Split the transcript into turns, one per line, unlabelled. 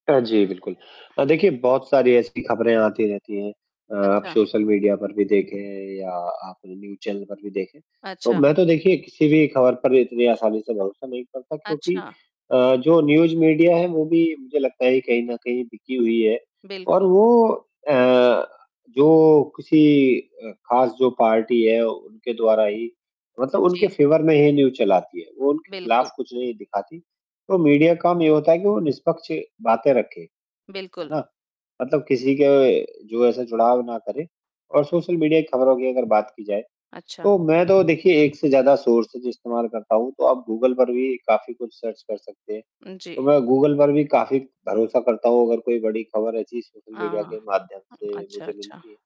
अ, जी, बिल्कुल। अ, देखिए बहुत सारी ऐसी खबरें आती रहती हैं अ, आप
अच्छा।
सोशल मीडिया पर भी देखे या आप न्यूज़ चैनल पर भी देखे, तो
अच्छा।
मैं तो देखिए किसी भी खबर पर इतनी आसानी से भरोसा नहीं करता क्योंकि
अच्छा।
अ, जो न्यूज़ मीडिया है वो भी मुझे लगता है कहीं न कहीं बिकी हुई है। और
बिल्कुल।
वो अ, जो किसी अ, ख़ास जो पार्टी है उनके द्वारा ही मतलब उनके
जी।
फेवर में ही न्यूज़ चलाती है, वो उनके खिलाफ
बिल्कुल।
कुछ नहीं दिखाती। तो मीडिया का काम ये होता है कि वो निष्पक्ष बातें रखे, है
बिल्कुल।
ना? मतलब किसी के जो ऐसा जुड़ाव ना करे, और सोशल मीडिया की खबरों की अगर बात की जाए
अच्छा।
तो मैं तो देखिए एक से ज़्यादा सोर्सेज़ इस्तेमाल करता हूँ, तो आप गूगल पर भी काफ़ी कुछ सर्च कर सकते हैं,
उ, जी।
तो मैं गूगल पर भी काफ़ी भरोसा करता हूँ अगर कोई बड़ी खबर ऐसी सोशल
अ,
मीडिया के माध्यम से
अच्छा,
मुझे
अच्छा।
मिलती है।